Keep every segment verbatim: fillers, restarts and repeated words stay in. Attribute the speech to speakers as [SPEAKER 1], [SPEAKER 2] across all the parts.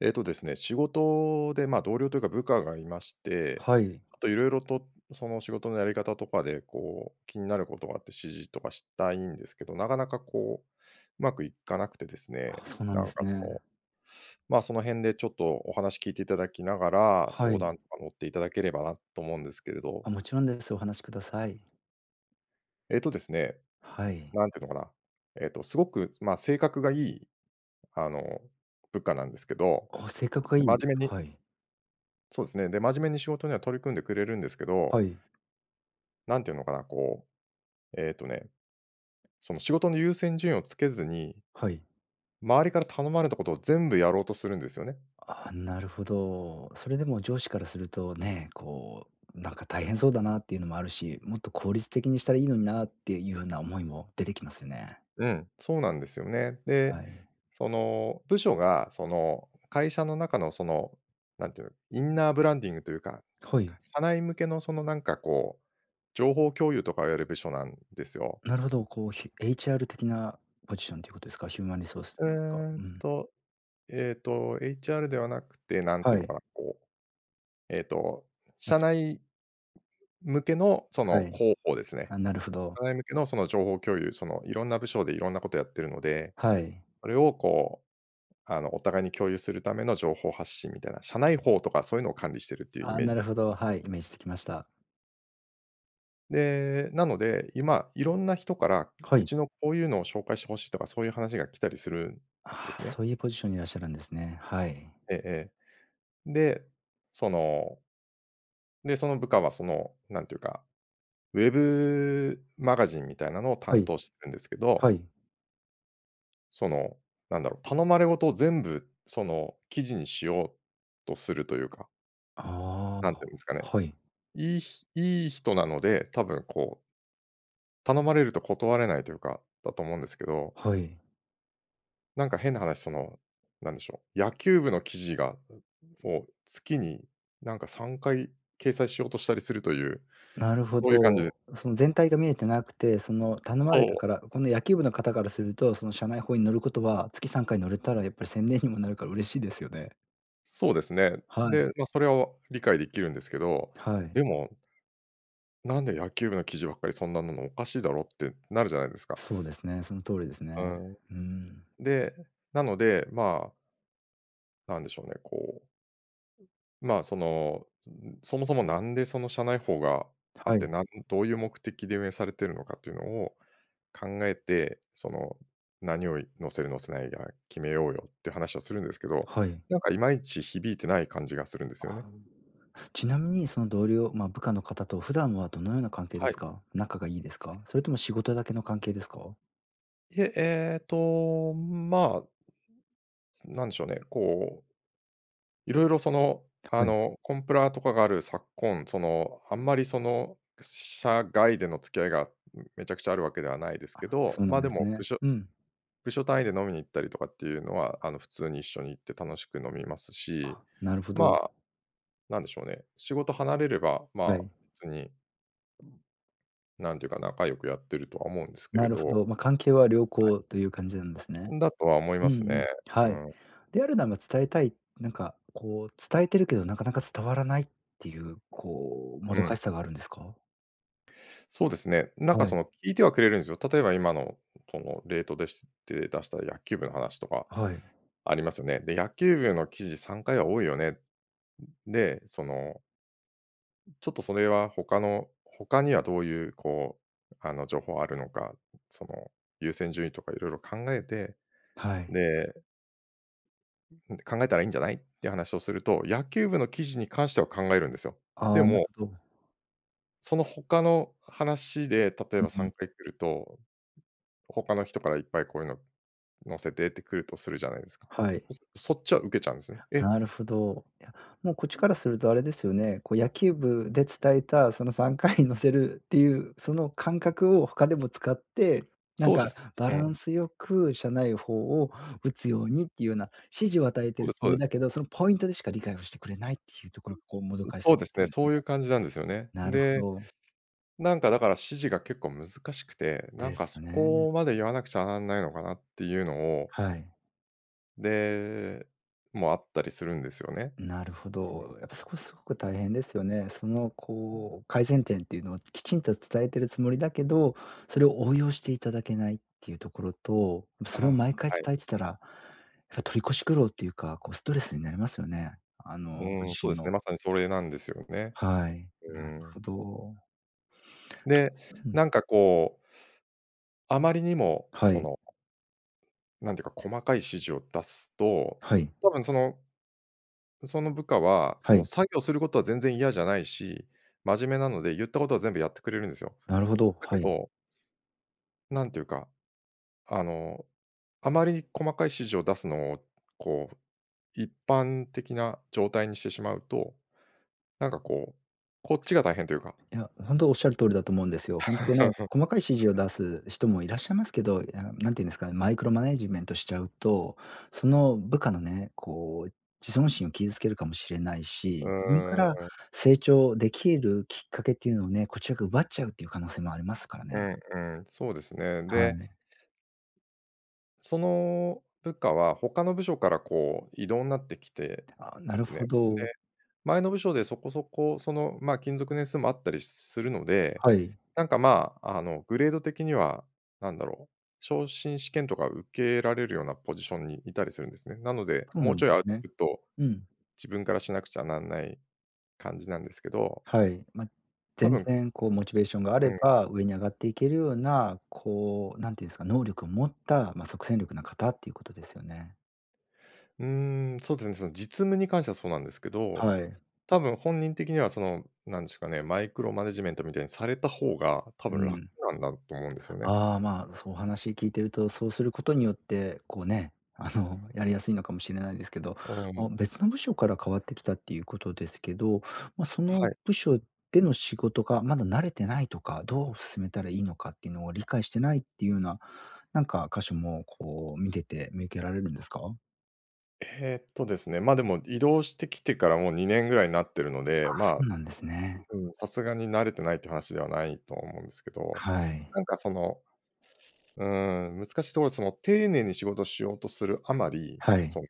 [SPEAKER 1] えっとですね、仕事で、まあ、同僚というか、部下がいまして、
[SPEAKER 2] はい。
[SPEAKER 1] あと色々とその仕事のやり方とかで、こう、気になる事があって、指示とかしたいんですけど、なかなか、こう、うまくいかなくてです
[SPEAKER 2] あ、
[SPEAKER 1] ね。
[SPEAKER 2] そうなん
[SPEAKER 1] な
[SPEAKER 2] で
[SPEAKER 1] んか、
[SPEAKER 2] す
[SPEAKER 1] その、
[SPEAKER 2] ね。
[SPEAKER 1] まあ、その辺でちょっとお話聞いて頂きながら、
[SPEAKER 2] は
[SPEAKER 1] 相談
[SPEAKER 2] い。
[SPEAKER 1] とか乗って頂ければなと思うんですけれど。
[SPEAKER 2] あ、もちろんです。お話し下さい。
[SPEAKER 1] えっと、ですね、
[SPEAKER 2] はい。
[SPEAKER 1] 何て言うのかな。えっと、凄く、まあ、性格がいい、あの部下なんですけど、
[SPEAKER 2] あ、性格がい
[SPEAKER 1] で、
[SPEAKER 2] い、
[SPEAKER 1] 真面目に
[SPEAKER 2] はい。
[SPEAKER 1] そうですね。で、真面目に仕事には取り組んでくれるんですけど
[SPEAKER 2] はい。
[SPEAKER 1] 何て言うのかな。こう、えっとね、その仕事の優先順位を付けずに
[SPEAKER 2] はい。
[SPEAKER 1] 周りから頼まれた事を全部やろうとするんですよね。
[SPEAKER 2] ああ、なるほど。それでも上司からするとね、こう、なんか大変そうだなっていうのもあるし、もっと効率的にしたらいいのになっていうような思いも出てきますよね。
[SPEAKER 1] うん、そうなんですよね。で、
[SPEAKER 2] はい。
[SPEAKER 1] その部署が、その会社の中の、その何て言う、インナーブランディングと言うか、
[SPEAKER 2] はい。
[SPEAKER 1] 社内向けの、そのなんか、こう、情報共有とかをやる部署なんですよ。
[SPEAKER 2] なるほど、こう、ひ HR 的なポジションと言う事ですか？ヒューマンリソースと
[SPEAKER 1] う
[SPEAKER 2] いいますか。
[SPEAKER 1] ー
[SPEAKER 2] う
[SPEAKER 1] ん
[SPEAKER 2] ん。
[SPEAKER 1] と、えっと、HR ではなくて、何て
[SPEAKER 2] は
[SPEAKER 1] 言うの
[SPEAKER 2] い。
[SPEAKER 1] かな、こう、えっと、
[SPEAKER 2] た
[SPEAKER 1] 社
[SPEAKER 2] し
[SPEAKER 1] 内向けの、そ
[SPEAKER 2] は
[SPEAKER 1] の
[SPEAKER 2] い。
[SPEAKER 1] 広報ですね。
[SPEAKER 2] あ、なるほど。
[SPEAKER 1] 社内向けの、その情報共有、その色んな部署で色んな事をやっているので、
[SPEAKER 2] はい。
[SPEAKER 1] それを、こう、あのお互いに共有する為の情報発信みたいな。社内報とか、そう言うのを管理しているっていう
[SPEAKER 2] あ
[SPEAKER 1] イ
[SPEAKER 2] あ。
[SPEAKER 1] メー
[SPEAKER 2] な
[SPEAKER 1] ジ
[SPEAKER 2] る
[SPEAKER 1] です。
[SPEAKER 2] ほど、はい、イメージつきました。
[SPEAKER 1] で、なので、今いろんな人から、
[SPEAKER 2] は
[SPEAKER 1] う
[SPEAKER 2] い。
[SPEAKER 1] ちのこういうのを紹介して欲しいとかそういう話が来たりするんで
[SPEAKER 2] ああ、
[SPEAKER 1] すね。
[SPEAKER 2] そういうポジションにいらっしゃるんですね。はい。
[SPEAKER 1] ええええ。で、そので、その部下はその、なんていうか、ウェブマガジンみたいなのを
[SPEAKER 2] は
[SPEAKER 1] 担
[SPEAKER 2] い。
[SPEAKER 1] 当してるんですけ
[SPEAKER 2] は
[SPEAKER 1] ど
[SPEAKER 2] い。
[SPEAKER 1] その、なんだろう、頼まれごとを全部、その記事にしようとするというか。
[SPEAKER 2] あ
[SPEAKER 1] なん
[SPEAKER 2] あ、
[SPEAKER 1] と言うんですかね。
[SPEAKER 2] はい。
[SPEAKER 1] いいひいい人なので、多分こう頼まれると断れないというか、だと思うんですけど。
[SPEAKER 2] はい。
[SPEAKER 1] なんか変な話その、なんでしょう、野球部の記事が、もう月になんかさんかい掲載しようとしたりするという、
[SPEAKER 2] なるほ
[SPEAKER 1] そういう感じで。
[SPEAKER 2] ど。その全体が見えてなくて、その頼ま
[SPEAKER 1] そ
[SPEAKER 2] れた
[SPEAKER 1] う。
[SPEAKER 2] から、この野球部の方からすると、その社内報に載ることは月さんかい載れたらやっぱり宣伝にもなるから嬉しいですよね。
[SPEAKER 1] そうですね。
[SPEAKER 2] はい。
[SPEAKER 1] で、ま、それは理解できるんですけど、
[SPEAKER 2] はい。
[SPEAKER 1] でもなんで野球部の記事ばっかりそんななの、おかしいだろってなるじゃないですか。
[SPEAKER 2] そうですね、その通りですね。
[SPEAKER 1] うん。
[SPEAKER 2] うーん。
[SPEAKER 1] で、なので、まなんでしょうね、こうまあ、その、そもそもなんでその社内報があ
[SPEAKER 2] は
[SPEAKER 1] って、
[SPEAKER 2] い。
[SPEAKER 1] なんどういう目的で運営されているのかというのを考えて、その何をい載せる載せないが決めようよって話をするんですけど、
[SPEAKER 2] はい。
[SPEAKER 1] なんかいまいち響いてない感じがするんです
[SPEAKER 2] あ
[SPEAKER 1] よね。
[SPEAKER 2] あ、ちなみにその同僚、まあ部下の方と普段はどのような関係で
[SPEAKER 1] は
[SPEAKER 2] す
[SPEAKER 1] い。
[SPEAKER 2] か？仲がいいですか？それとも仕事だけの関係ですか？
[SPEAKER 1] いえ、ええと、まあなんでしょうね、こういろいろ、その、あ
[SPEAKER 2] はい。
[SPEAKER 1] の、コンプラとかがある昨今、その、あんまりその社外での付き合いがめちゃくちゃあるわけではないです
[SPEAKER 2] あ、
[SPEAKER 1] け
[SPEAKER 2] そ
[SPEAKER 1] ど、
[SPEAKER 2] うな
[SPEAKER 1] ま
[SPEAKER 2] ん
[SPEAKER 1] あ、
[SPEAKER 2] で
[SPEAKER 1] で
[SPEAKER 2] す
[SPEAKER 1] も部
[SPEAKER 2] ね。
[SPEAKER 1] 署
[SPEAKER 2] うん。
[SPEAKER 1] 部署単位で飲みに行ったりとかっていうのは、あの普通に一緒に行って楽しく飲みますし、
[SPEAKER 2] あ、なるほ
[SPEAKER 1] ま
[SPEAKER 2] ど。
[SPEAKER 1] あ、なんでしょうね、仕事離れればま
[SPEAKER 2] は
[SPEAKER 1] あ
[SPEAKER 2] い。
[SPEAKER 1] 普通に なんていうか、仲良くやっているとは思うんですけ
[SPEAKER 2] な
[SPEAKER 1] れ
[SPEAKER 2] るほ
[SPEAKER 1] ど。
[SPEAKER 2] ど。ま、関係は良
[SPEAKER 1] はい。
[SPEAKER 2] 好という感じなんですね。
[SPEAKER 1] んだとは思い
[SPEAKER 2] う
[SPEAKER 1] ま
[SPEAKER 2] んう
[SPEAKER 1] すね。
[SPEAKER 2] ん。
[SPEAKER 1] う
[SPEAKER 2] はい。
[SPEAKER 1] ん。
[SPEAKER 2] であるなら伝えたいなんかこう伝えてるけど、なかなか伝わらないっていうこう、も
[SPEAKER 1] う
[SPEAKER 2] ど
[SPEAKER 1] ん。
[SPEAKER 2] かしさがあるんですか？
[SPEAKER 1] そうですね、なん
[SPEAKER 2] は
[SPEAKER 1] か
[SPEAKER 2] い。
[SPEAKER 1] その聞いてはくれるんですよ。例えば今の、この例、とです。て、出した野球部の話とか、
[SPEAKER 2] はい。
[SPEAKER 1] ありますよね。で、野球部の記事さんかいは多いよね。で、そのちょっとそれは他の、他にはどういうこうあの情報あるのか、その優先順位とか色々考えて、
[SPEAKER 2] はい。
[SPEAKER 1] でんで、考えたらいいんじゃない？っていう話をすると、野球部の記事に関しては考えるんですよ。で
[SPEAKER 2] あ、なる
[SPEAKER 1] も
[SPEAKER 2] ほど。
[SPEAKER 1] その他の話で、例え
[SPEAKER 2] うん
[SPEAKER 1] ばさ
[SPEAKER 2] う
[SPEAKER 1] ん
[SPEAKER 2] ん。
[SPEAKER 1] かい来ると、他の人からいっぱい「こういうの載せて」ってくるとするじゃないですか。
[SPEAKER 2] はい。
[SPEAKER 1] そそっちは受けちゃうんですね。え。
[SPEAKER 2] なるほど。いや、もうこっちからするとあれですよね、こう野球部で伝えたそのさんかいに載せるっていうその感覚を他でも使って、なん
[SPEAKER 1] そうで
[SPEAKER 2] か
[SPEAKER 1] す。
[SPEAKER 2] バ
[SPEAKER 1] う
[SPEAKER 2] ラン
[SPEAKER 1] ん。
[SPEAKER 2] スよく社内報を打つようにっていうような指示を与えてい
[SPEAKER 1] そう
[SPEAKER 2] る
[SPEAKER 1] です
[SPEAKER 2] つ
[SPEAKER 1] そ
[SPEAKER 2] も
[SPEAKER 1] う
[SPEAKER 2] り
[SPEAKER 1] で
[SPEAKER 2] だ
[SPEAKER 1] す。
[SPEAKER 2] けど、そのポイントでしか理解をしてくれないっていうところがこうもどかし
[SPEAKER 1] そ
[SPEAKER 2] さ
[SPEAKER 1] う
[SPEAKER 2] にな
[SPEAKER 1] で
[SPEAKER 2] っ
[SPEAKER 1] す
[SPEAKER 2] て
[SPEAKER 1] ね、
[SPEAKER 2] るんです
[SPEAKER 1] そ
[SPEAKER 2] ね。
[SPEAKER 1] ういう感じなんですよね。
[SPEAKER 2] なるほ
[SPEAKER 1] で、
[SPEAKER 2] ど。
[SPEAKER 1] なんかだから指示が結構難しくて、な
[SPEAKER 2] で
[SPEAKER 1] んか
[SPEAKER 2] す
[SPEAKER 1] そ
[SPEAKER 2] よね。
[SPEAKER 1] こまで言わなくちゃなんないのかなっていうのを。
[SPEAKER 2] はい。
[SPEAKER 1] で、もあったりするんですよね。
[SPEAKER 2] なるほ
[SPEAKER 1] うん。
[SPEAKER 2] ど。やっぱ、そこ、凄く大変ですよね。その、こう、改善点って言うのを、きちんと伝えてるつもりだけど、それを応用して頂けないって言うところと、
[SPEAKER 1] あ、
[SPEAKER 2] それを毎回
[SPEAKER 1] はい。
[SPEAKER 2] 伝えてたら、それ取り越し苦労っていうか、こう、ストレスになりますよね。あ
[SPEAKER 1] う
[SPEAKER 2] の、ご
[SPEAKER 1] ーん、
[SPEAKER 2] 自
[SPEAKER 1] そう
[SPEAKER 2] 身
[SPEAKER 1] です
[SPEAKER 2] の。
[SPEAKER 1] ね。まさに、それなんですよね。
[SPEAKER 2] はい、
[SPEAKER 1] うー
[SPEAKER 2] なる
[SPEAKER 1] ん。
[SPEAKER 2] ほど。
[SPEAKER 1] で、
[SPEAKER 2] うん。
[SPEAKER 1] なんか、こう、あまりにも、
[SPEAKER 2] は
[SPEAKER 1] そ
[SPEAKER 2] い。
[SPEAKER 1] のなんて言うか、細かい指示を出すと、
[SPEAKER 2] はい。
[SPEAKER 1] 多分そのその部下は、そ
[SPEAKER 2] は
[SPEAKER 1] の
[SPEAKER 2] い。
[SPEAKER 1] 作業する事は全然嫌じゃないし、真面目なので言ったことは全部やってくれるんですよ。
[SPEAKER 2] なるほど、
[SPEAKER 1] だけ
[SPEAKER 2] はい。
[SPEAKER 1] どなんて言うか、あの、あまり細かい指示を出すのを、こう、一般的な状態にしてしまうと、なんかこう、こっちが大変というか。
[SPEAKER 2] いや、本当おっしゃる通りだと思うんですよ。本当ね、細かい指示を 出す人もいらっしゃいますけど、いや、何て言うんですかね、マイクロマネジメントしちゃうと、その部下のね、こう自尊心を傷つけるかもしれない
[SPEAKER 1] う
[SPEAKER 2] し、自分か
[SPEAKER 1] ー
[SPEAKER 2] ら
[SPEAKER 1] ん。
[SPEAKER 2] 成長出来るきっかけって言うのをね。こちらが奪っちゃうって言う可能性もありますから
[SPEAKER 1] う
[SPEAKER 2] ね。
[SPEAKER 1] んうん、そうですね。
[SPEAKER 2] は
[SPEAKER 1] で
[SPEAKER 2] い。
[SPEAKER 1] その部下は、他の部署から、こう、異動になってきて
[SPEAKER 2] ああ、
[SPEAKER 1] で
[SPEAKER 2] なる
[SPEAKER 1] すね。
[SPEAKER 2] ほ
[SPEAKER 1] で、
[SPEAKER 2] ど。
[SPEAKER 1] 前の部署で、そこそこその、まあ、勤続年数もあったりするので、
[SPEAKER 2] はい。
[SPEAKER 1] なんか、まあ、あの、グレード的には、何だろう？昇進試験とか受けられるようなポジションにいたりするんですね。なので、
[SPEAKER 2] そう
[SPEAKER 1] も
[SPEAKER 2] な
[SPEAKER 1] う
[SPEAKER 2] んで
[SPEAKER 1] ちょい
[SPEAKER 2] す
[SPEAKER 1] アウト
[SPEAKER 2] ね。
[SPEAKER 1] プット、
[SPEAKER 2] うん。
[SPEAKER 1] 自分からしなくちゃなんない感じなんですけど。
[SPEAKER 2] はい。ま、
[SPEAKER 1] 多
[SPEAKER 2] 全
[SPEAKER 1] 分
[SPEAKER 2] 然、こう、モチベーションがあ
[SPEAKER 1] う
[SPEAKER 2] れ
[SPEAKER 1] ん。
[SPEAKER 2] ば、上にあがっていけるような、こう、何て言うんですか、能力を持った、ま、即戦力な方って言う事ですよね。
[SPEAKER 1] うーん。そうですね、その実務に関してはそうなんですけど、
[SPEAKER 2] はい。
[SPEAKER 1] 多分本人的にはそのなんですかね、マイクロマネジメントみたいにされた方が多
[SPEAKER 2] う
[SPEAKER 1] 分楽
[SPEAKER 2] ん。
[SPEAKER 1] なんだと思うんですよね。
[SPEAKER 2] ああ、まそう話聞いていると、そうすることによって、こうね、あのやりやすいのかもしれないですけど、
[SPEAKER 1] うん。
[SPEAKER 2] ま、別の部署からかわってきたっていうことですけど、ま、その
[SPEAKER 1] はい。
[SPEAKER 2] 部署での仕事がまだ慣れてないとか、どう進めたらいいのかっていうのを理解してないっていうな、なんか箇所もこう見てて見受けられるんですか？
[SPEAKER 1] えっと、ですね。ま、でも移動してきてからもうにねんぐらいになっているの
[SPEAKER 2] あ
[SPEAKER 1] で、
[SPEAKER 2] あ、そ
[SPEAKER 1] ま、
[SPEAKER 2] うなんですね。
[SPEAKER 1] うん、さすがに慣れてないという話ではないと思うんですけど、
[SPEAKER 2] はい。
[SPEAKER 1] なんかその、うーん、難しいところ、その丁寧に仕事しようとするあまり、
[SPEAKER 2] はい。
[SPEAKER 1] その、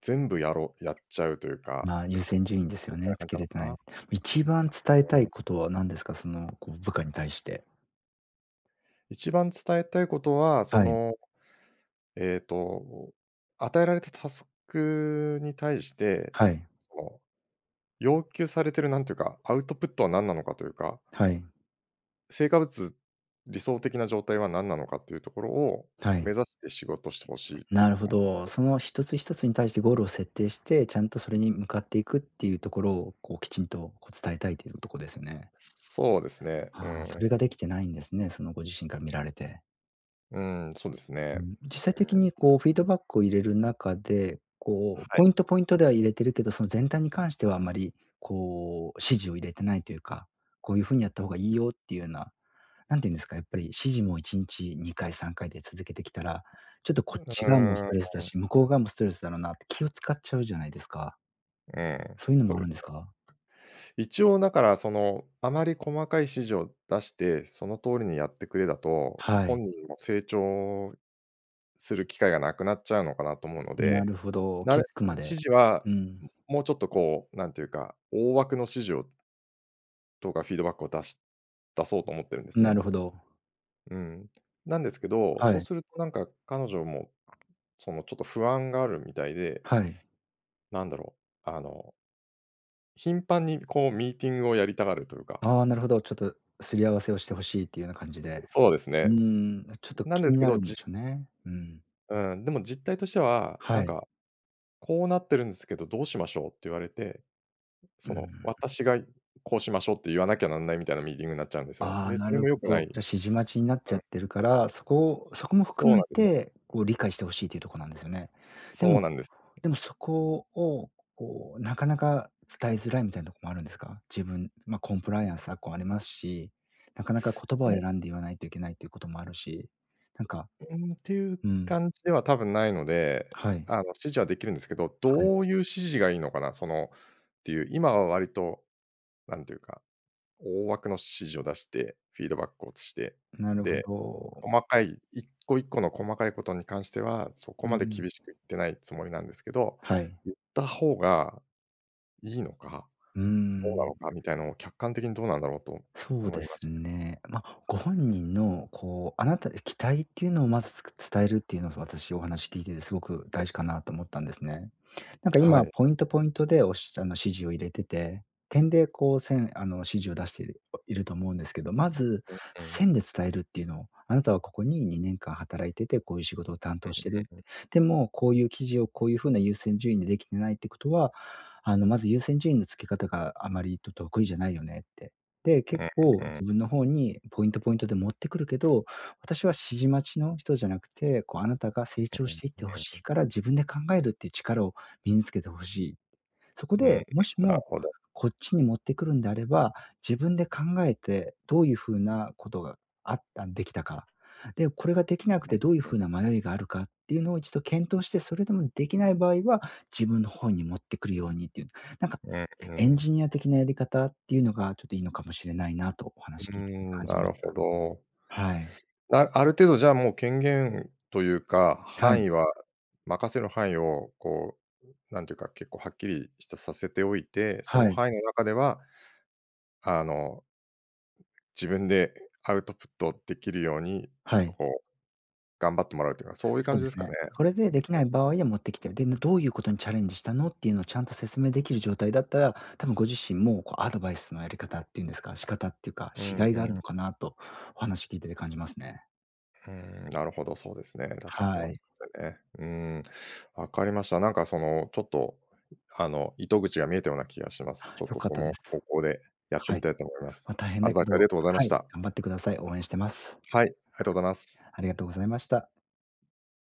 [SPEAKER 1] 全部やろうやっちゃうというか、
[SPEAKER 2] まあ優
[SPEAKER 1] か、
[SPEAKER 2] 先順位ですよ
[SPEAKER 1] みたい
[SPEAKER 2] ね、
[SPEAKER 1] な
[SPEAKER 2] つ
[SPEAKER 1] 感じ
[SPEAKER 2] け
[SPEAKER 1] なの
[SPEAKER 2] れて
[SPEAKER 1] か
[SPEAKER 2] ない。
[SPEAKER 1] な。
[SPEAKER 2] 一番伝えた
[SPEAKER 1] うー
[SPEAKER 2] い
[SPEAKER 1] ん。
[SPEAKER 2] ことは何ですか？その、こう部下に対して。
[SPEAKER 1] 一番伝えたいことは、そ
[SPEAKER 2] はい。
[SPEAKER 1] の、えっと、与えられたタスクに対して、
[SPEAKER 2] はい。
[SPEAKER 1] その要求されているなんというか、アウトプットは何なのかというか。
[SPEAKER 2] はい。
[SPEAKER 1] 成果物、理想的な状態は何なのかというところを
[SPEAKER 2] はい。
[SPEAKER 1] 目指して仕事して欲しい と
[SPEAKER 2] なるほ
[SPEAKER 1] 思うんです
[SPEAKER 2] ど。
[SPEAKER 1] けど。
[SPEAKER 2] その、ひとつひとつに対してゴールを設定して、ちゃんとそれに向かっていくっていうところを、こうきちんとこう伝えたいというとこですよね。
[SPEAKER 1] そうですね。う
[SPEAKER 2] はあ、
[SPEAKER 1] ー
[SPEAKER 2] それが
[SPEAKER 1] ん。
[SPEAKER 2] できてないんですね、そのご自身から見られて。
[SPEAKER 1] うん、そうです
[SPEAKER 2] うー
[SPEAKER 1] ね。
[SPEAKER 2] ん、実際
[SPEAKER 1] う
[SPEAKER 2] 的
[SPEAKER 1] ん。
[SPEAKER 2] に こうフィードバックを入れる中で、こう
[SPEAKER 1] は
[SPEAKER 2] ポ
[SPEAKER 1] い。
[SPEAKER 2] イントポイントでは入れてるけど、その全体に関してはあんまりこう指示を入れてないっていうか、こういう風にやった方がいいよっていうな、何て言うんですか、やっぱり指示もいちんちにかいさんかいで続けてきたら、ちょっとこ
[SPEAKER 1] う
[SPEAKER 2] っち側もス
[SPEAKER 1] ー
[SPEAKER 2] トレスだ
[SPEAKER 1] ん。
[SPEAKER 2] し、向こう側もストレスだろうなって気を使っちゃうじゃないですか。
[SPEAKER 1] うん、
[SPEAKER 2] そういうの
[SPEAKER 1] そ
[SPEAKER 2] もあ
[SPEAKER 1] うで
[SPEAKER 2] るん
[SPEAKER 1] す
[SPEAKER 2] です
[SPEAKER 1] ね。
[SPEAKER 2] か？
[SPEAKER 1] 一応なから、その、あまり細かい指示を出して、その通りにやってくれだと、
[SPEAKER 2] はい。
[SPEAKER 1] 本人も成長する機会がなくなっちゃうのかなと思うの
[SPEAKER 2] な
[SPEAKER 1] で、
[SPEAKER 2] るほど、
[SPEAKER 1] な
[SPEAKER 2] 気
[SPEAKER 1] れ
[SPEAKER 2] づくま
[SPEAKER 1] 指
[SPEAKER 2] で
[SPEAKER 1] 示
[SPEAKER 2] う
[SPEAKER 1] は
[SPEAKER 2] ん。
[SPEAKER 1] ももうちょっとこう、なんていうか、大枠の指示をとかフィードバックを出し出そうと思っているんです
[SPEAKER 2] な
[SPEAKER 1] ね。
[SPEAKER 2] るほど。
[SPEAKER 1] うん、なんですけど、
[SPEAKER 2] は
[SPEAKER 1] そう
[SPEAKER 2] い。
[SPEAKER 1] するとなんか彼女も、その、ちょっと不安があるみたいで
[SPEAKER 2] はい。
[SPEAKER 1] なんだろう、あの頻繁にこう、ミーティングをやりたがるというか。
[SPEAKER 2] ああ、なるほど。ちょっと擦り合わせをして欲しいっていうような感じで、
[SPEAKER 1] そうです
[SPEAKER 2] うー
[SPEAKER 1] ね。
[SPEAKER 2] んちょっと
[SPEAKER 1] なん
[SPEAKER 2] 気
[SPEAKER 1] です
[SPEAKER 2] に
[SPEAKER 1] け
[SPEAKER 2] な
[SPEAKER 1] ど、
[SPEAKER 2] るん
[SPEAKER 1] じ
[SPEAKER 2] でしょうね。うん。
[SPEAKER 1] うん、でも実態としては、な
[SPEAKER 2] は
[SPEAKER 1] ん
[SPEAKER 2] い。
[SPEAKER 1] か「こうなってるんですけど、どうしましょう？」って言われて、
[SPEAKER 2] うー
[SPEAKER 1] その、
[SPEAKER 2] ん。
[SPEAKER 1] 私が「こうしましょう」って言わなきゃなんないみたいなミーティングになっちゃうんですよ。
[SPEAKER 2] ああ、
[SPEAKER 1] で、そ
[SPEAKER 2] な
[SPEAKER 1] れ
[SPEAKER 2] る
[SPEAKER 1] も良
[SPEAKER 2] ほ
[SPEAKER 1] くない。
[SPEAKER 2] ど。じゃあ
[SPEAKER 1] う
[SPEAKER 2] 指示待ちになっち
[SPEAKER 1] ん
[SPEAKER 2] ゃ
[SPEAKER 1] う
[SPEAKER 2] ってる
[SPEAKER 1] ん。
[SPEAKER 2] から、そこを、そこも
[SPEAKER 1] そ
[SPEAKER 2] 含
[SPEAKER 1] う
[SPEAKER 2] め
[SPEAKER 1] なんですね。
[SPEAKER 2] てこう理解して欲しいというとこなんですよね。で
[SPEAKER 1] そ
[SPEAKER 2] も
[SPEAKER 1] うなんです。
[SPEAKER 2] でもそこをこうなかなか伝えづらいみたいなとこもあるんですか？自分、ま、コンプライアンス昨今ありますし、なかなか言葉を
[SPEAKER 1] え。
[SPEAKER 2] 選んで言わないといけないということもあるし、なんか
[SPEAKER 1] うーん、ていう
[SPEAKER 2] うん。
[SPEAKER 1] 感じでは多分ないので、
[SPEAKER 2] はい。
[SPEAKER 1] あの、指示はできるんですけど、
[SPEAKER 2] はい。
[SPEAKER 1] どういう指示がいいのかな、その、っていう。今は割と何て言うか、大枠の指示を出して、フィードバックをして、
[SPEAKER 2] なるほ
[SPEAKER 1] で、
[SPEAKER 2] ど。
[SPEAKER 1] 細かい一個一個の細かいことに関してはそこ
[SPEAKER 2] う
[SPEAKER 1] ま
[SPEAKER 2] ん
[SPEAKER 1] で
[SPEAKER 2] うん。
[SPEAKER 1] 厳しく言ってないつもりなんですけど、
[SPEAKER 2] はい。
[SPEAKER 1] 言った方がいいのか、
[SPEAKER 2] うー
[SPEAKER 1] どうな
[SPEAKER 2] ん。
[SPEAKER 1] のかみたいのを客観的にどうなんだろうと
[SPEAKER 2] そう
[SPEAKER 1] 思
[SPEAKER 2] で
[SPEAKER 1] いま
[SPEAKER 2] す
[SPEAKER 1] した。
[SPEAKER 2] ね。ま、ご本人のこう、あなたで期待っていうのをまずつく伝えるっていうのが、私、お話聞いててすごく大事かなと思ったんですね。なんか
[SPEAKER 1] は
[SPEAKER 2] 今
[SPEAKER 1] い。
[SPEAKER 2] ポイントポイントでおしあの指示を入れてて、点でこう線、あの指示を出してる、いると思うんですけど、まず
[SPEAKER 1] うんうん。
[SPEAKER 2] 線で伝えるっていうのを「あなたはここににねん間働いてて、こういう仕事を担
[SPEAKER 1] う
[SPEAKER 2] 当してる。
[SPEAKER 1] んうん。
[SPEAKER 2] でもこういう記事をこういう風な優先順位でできてないってことは、あの、まず優先順位の付け方があまりと得意じゃないよね」って、で
[SPEAKER 1] う
[SPEAKER 2] 「結
[SPEAKER 1] ん
[SPEAKER 2] 構、
[SPEAKER 1] うん。
[SPEAKER 2] 自分の方にポイントポイントで持ってくるけど、私は指示待ちの人じゃなくて、こうあなたが成長
[SPEAKER 1] うん
[SPEAKER 2] していって欲
[SPEAKER 1] う
[SPEAKER 2] しい
[SPEAKER 1] ん。
[SPEAKER 2] から、自分で考えるっていう力を身につけて欲しい。そこ
[SPEAKER 1] うん、
[SPEAKER 2] で、もし
[SPEAKER 1] なる
[SPEAKER 2] も、
[SPEAKER 1] ほど。
[SPEAKER 2] こっちに持ってくるんであれば、自分で考えて、どういう風なことがあったんできたか。で、これができなく
[SPEAKER 1] うん
[SPEAKER 2] てどういう
[SPEAKER 1] うん。
[SPEAKER 2] 風な迷いがあるかっていうのを一度検討して、それでもできない場合は、自分の方に持ってくるように」っていう。なんか
[SPEAKER 1] うんう
[SPEAKER 2] エン
[SPEAKER 1] ん。
[SPEAKER 2] ジニア的なやり方っていうのが、ちょっといいのかもしれないなと、お
[SPEAKER 1] う
[SPEAKER 2] 話
[SPEAKER 1] ー
[SPEAKER 2] 聞いてて
[SPEAKER 1] ん、
[SPEAKER 2] 感じ
[SPEAKER 1] な
[SPEAKER 2] まし
[SPEAKER 1] るほ
[SPEAKER 2] た。
[SPEAKER 1] ど。
[SPEAKER 2] はい。
[SPEAKER 1] あ、ある程度じゃあもう権限というか、
[SPEAKER 2] は
[SPEAKER 1] 範
[SPEAKER 2] い。
[SPEAKER 1] 囲は、任せる範囲を、こう、なんていうか、結構はっきりしたさせておいて、そ
[SPEAKER 2] は
[SPEAKER 1] の
[SPEAKER 2] い。
[SPEAKER 1] 範囲の中では、あの、自分でアウトプットできるように、
[SPEAKER 2] はい。
[SPEAKER 1] こう、頑張ってもらうというか、そういう
[SPEAKER 2] そう
[SPEAKER 1] 感
[SPEAKER 2] で
[SPEAKER 1] じで
[SPEAKER 2] す
[SPEAKER 1] すか
[SPEAKER 2] ね。
[SPEAKER 1] ね。
[SPEAKER 2] これで
[SPEAKER 1] うんう
[SPEAKER 2] で
[SPEAKER 1] ん
[SPEAKER 2] きない場合
[SPEAKER 1] うん。
[SPEAKER 2] は持ってきて、で、どういうことにチャレンジしたのっていうのをちゃんと説明できる状態だったら、多分ご自身もこうアドバイスのやり方っていうんですか、仕方ってうか、
[SPEAKER 1] う
[SPEAKER 2] し甲
[SPEAKER 1] ん
[SPEAKER 2] 斐がある
[SPEAKER 1] う
[SPEAKER 2] の
[SPEAKER 1] ん。
[SPEAKER 2] かなとお話聞いてて感じますね。
[SPEAKER 1] うーん、なるほどそうですね。確かにそ
[SPEAKER 2] は
[SPEAKER 1] うで
[SPEAKER 2] い。
[SPEAKER 1] すよね。うーん、わかりました。なんかその、ちょっと、ん、あの糸口が見えたような気がします。
[SPEAKER 2] は、
[SPEAKER 1] ちょっ
[SPEAKER 2] 良
[SPEAKER 1] と
[SPEAKER 2] かっ
[SPEAKER 1] そ
[SPEAKER 2] たで
[SPEAKER 1] の
[SPEAKER 2] す。
[SPEAKER 1] 方向でやって
[SPEAKER 2] は
[SPEAKER 1] み
[SPEAKER 2] い。
[SPEAKER 1] たいと思います。
[SPEAKER 2] ま、大変
[SPEAKER 1] ア
[SPEAKER 2] だ
[SPEAKER 1] ドバ
[SPEAKER 2] け
[SPEAKER 1] イスあり
[SPEAKER 2] ど、
[SPEAKER 1] がとうございま
[SPEAKER 2] は
[SPEAKER 1] し
[SPEAKER 2] い、
[SPEAKER 1] た。
[SPEAKER 2] 頑張ってください。応援してます。
[SPEAKER 1] はい、ありがとうございます。
[SPEAKER 2] ありがとうございました。